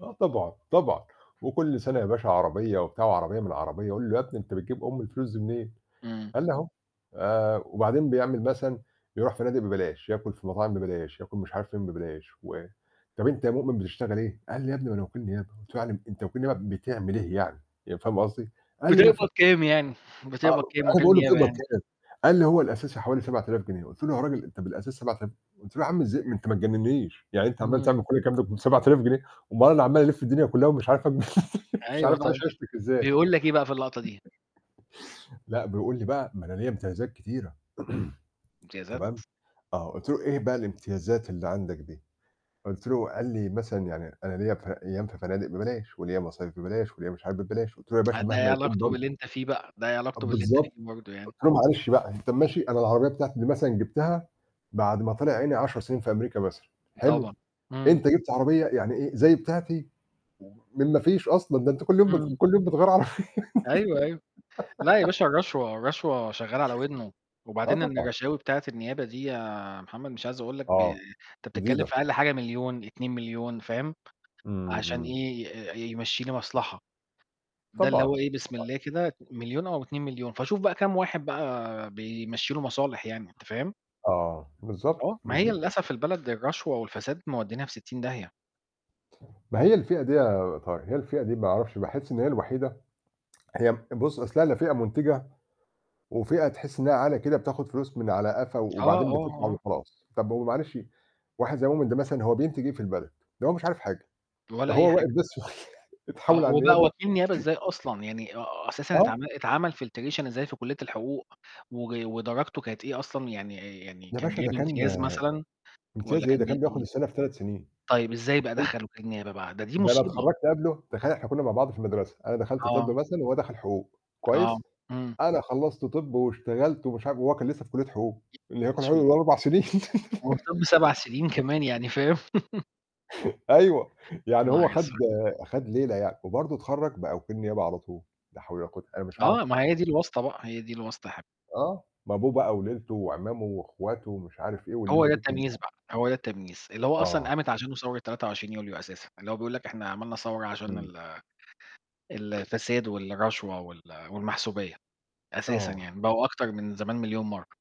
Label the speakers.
Speaker 1: آه طبعًا، طبعًا. وكل سنة يا باشا عربيّة وبتاع وعربيّة من عربيّة. أقول له: "يا ابني أنت بتجيب أم الفلوس دي منين؟"،
Speaker 2: إمم.
Speaker 1: قال لي: "أهو"، آآ، وبعدين بيعمل مثلًا يروح فنادق ببلاش، ياكل في مطاعم ببلاش، ياكل مش عارف فين ببلاش. و "طَب أنت يا مؤمن بتشتغل إيه؟"، قال لي: "يا ابني ما أنا وكيل نيابة"، قُلت له: "يعني أنت وكيل نيابة بتعمل إيه يعني؟"، ي فاهم قصدي؟ قال لي: "ما
Speaker 2: بتقبض
Speaker 1: في"
Speaker 2: كام يعني؟
Speaker 1: آه،
Speaker 2: بتقبض كام
Speaker 1: أنا
Speaker 2: وكيل
Speaker 1: باقول له:
Speaker 2: نيابة
Speaker 1: "بتقبض
Speaker 2: يعني؟
Speaker 1: كام؟"، قال لي: "هو الأساسي حوالي 7,000 جنيه"، قُلت له: "يا راجل أنت بالأساس 7000"، قُلت له: "يا عم إزاي ما أنت ما تجننيش! يعني أنت عمّال
Speaker 2: إمم.
Speaker 1: تعمل كل الكلام ده ب7000 جنيه؟ أُمّال أنا عمّال ألف الدنيا كلّها ومش عارف أ مش
Speaker 2: أيوة
Speaker 1: عارف
Speaker 2: طبعًا.
Speaker 1: أعيش عيشتك إزاي؟".
Speaker 2: بيقول لك إيه بقى في اللقطة دي؟
Speaker 1: لأ، بيقول لي بقى: "ما أنا ليّا امتيازات كتيرة"،.
Speaker 2: امتيازات!
Speaker 1: تمام، آه قُلت له: "إيه بقى الامتيازات اللي عندك دي؟"، قُلت له قال لي: "مثلًا يعني أنا ليّا ف أيّام في فنادق ببلاش، وليّا مصايف ببلاش، وليّا مش عارف ببلاش"، قُلت له: "يا باشا
Speaker 2: ده إيه
Speaker 1: مهما يكون
Speaker 2: علاقته
Speaker 1: برضه".
Speaker 2: باللي أنت فيه بقى، ده إيه علاقته باللي أنت فيه
Speaker 1: بالضبط.
Speaker 2: برضه يعني؟
Speaker 1: قُلت له: "معلش بقى، أنت ماشي أنا العربيّة بتاعتي مثلًا جبتها بعد ما طلع عيني 10 سنين في أمريكا مثلًا حلو،
Speaker 2: طبعًا. إمم.
Speaker 1: أنت جبت عربيّة يعني إيه، زي بتاعتي، من ما فيش أصلًا. ده أنت كل يوم بت
Speaker 2: إمم.
Speaker 1: كل يوم بتغير عربيّة"
Speaker 2: أيوه أيوه. لأ يا باشا الرشوة، الرشوة شغّالة على ودنه.
Speaker 1: آه
Speaker 2: وبعدين
Speaker 1: طبعًا.
Speaker 2: الرشاوي بتاعة النيابة دي يا محمد مش عايز أقول لك ب
Speaker 1: آه.
Speaker 2: أنت بتتكلّم
Speaker 1: جديدة.
Speaker 2: في أقل حاجة 1,000,000، 2,000,000، فاهم،
Speaker 1: امم،
Speaker 2: عشان
Speaker 1: امم.
Speaker 2: إيه، ي يمشي لي مصلحة. ده اللي
Speaker 1: طبعًا،
Speaker 2: هو إيه بسم
Speaker 1: طبعًا.
Speaker 2: الله كده 1,000,000 أو 2,000,000. فشوف بقى كام واحد بقى بيمشي له مصالح يعني، أنت فاهم؟
Speaker 1: آه، بالضبط،
Speaker 2: آه، ما هي
Speaker 1: بالضبط.
Speaker 2: للأسف البلد للرشوة والفساد مودّينها في 60 داهية.
Speaker 1: ما هي الفئة دي يا طاه هي الفئة دي ما أعرفش، باحس إن هي الوحيدة هي بُص، أصلها لا فئة منتجة، وفئة تحس إنّها عالة كده بتاخد فلوس من على قفا
Speaker 2: آه،
Speaker 1: وبعدين
Speaker 2: آه،
Speaker 1: [unintelligible]
Speaker 2: آه.
Speaker 1: وخلاص. طَب ما هو معلش، واحد زي مؤمن ده مثلًا هو بينتج إيه في البلد؟ ده هو مش عارف حاجة. ده
Speaker 2: ولا أي
Speaker 1: هو واقف
Speaker 2: حاجة.
Speaker 1: بس
Speaker 2: آه،
Speaker 1: اتحول على
Speaker 2: وبقى
Speaker 1: النيابة
Speaker 2: وكيل نيابة إزاي أصلًا! يعني آآ أساسًا
Speaker 1: آه.
Speaker 2: اتعمل اتعمل filtration إزاي في كلية الحقوق، وج ودرجته كانت إيه أصلًا، يعني يعني
Speaker 1: يا
Speaker 2: كان
Speaker 1: باشا ده
Speaker 2: جايب
Speaker 1: كان
Speaker 2: امتياز مثلًا،
Speaker 1: امتياز
Speaker 2: والّا
Speaker 1: إيه؟ ده
Speaker 2: كان
Speaker 1: كان
Speaker 2: جايب
Speaker 1: بياخد
Speaker 2: إيه؟
Speaker 1: السنة في 3 سنين،
Speaker 2: طيب ازاي بقى
Speaker 1: حرفيًّا.
Speaker 2: دخل وكيل نيابة بقى؟ ده دي
Speaker 1: ده أنا
Speaker 2: مصيبة!
Speaker 1: اتخرجت قبله. تخيّل إحنا كنّا مع بعض في المدرسة. أنا دخلت طِبّ
Speaker 2: أه.
Speaker 1: مثلًا وهو دخل حقوق.
Speaker 2: آه،
Speaker 1: كويّس،
Speaker 2: إمم.
Speaker 1: أنا خلّصت طَب واشتغلت ومش عارف وهو كان لسّه في كلية حقوق. اللي هي كلية حقوق
Speaker 2: أسود.
Speaker 1: ال4 سنين..
Speaker 2: وطِبّ 7 سنين كمان يعني، فاهم..
Speaker 1: أيوَه.
Speaker 2: يا
Speaker 1: يعني هو
Speaker 2: نهار
Speaker 1: خد
Speaker 2: أسود!
Speaker 1: خد ليلة يعني. وبرضه اتخرج بقى وكيل نيابة على طول. لا حول ولا قوة أنا مش
Speaker 2: أه،
Speaker 1: هاعرف.
Speaker 2: ما هي دي الواسطة بقى، هي دي الواسطة يا حبيب
Speaker 1: آه. ما أبوه بقى وليلته وعمامه وأخواته ومش عارف إيه،
Speaker 2: هو
Speaker 1: والليلة
Speaker 2: ده
Speaker 1: دي
Speaker 2: التمييز
Speaker 1: كلها.
Speaker 2: بقى، هو ده التمييز. اللي هو أصلًا
Speaker 1: آه.
Speaker 2: قامت عشانه ثورة 23 يوليو أساسًا. اللي هو بيقول لك إحنا عملنا ثورة عشان
Speaker 1: امم.
Speaker 2: ال الفساد والرشوة وال والمحسوبية، أساسًا
Speaker 1: آه.
Speaker 2: يعني، بقوا أكتر من زمان مليون مرة.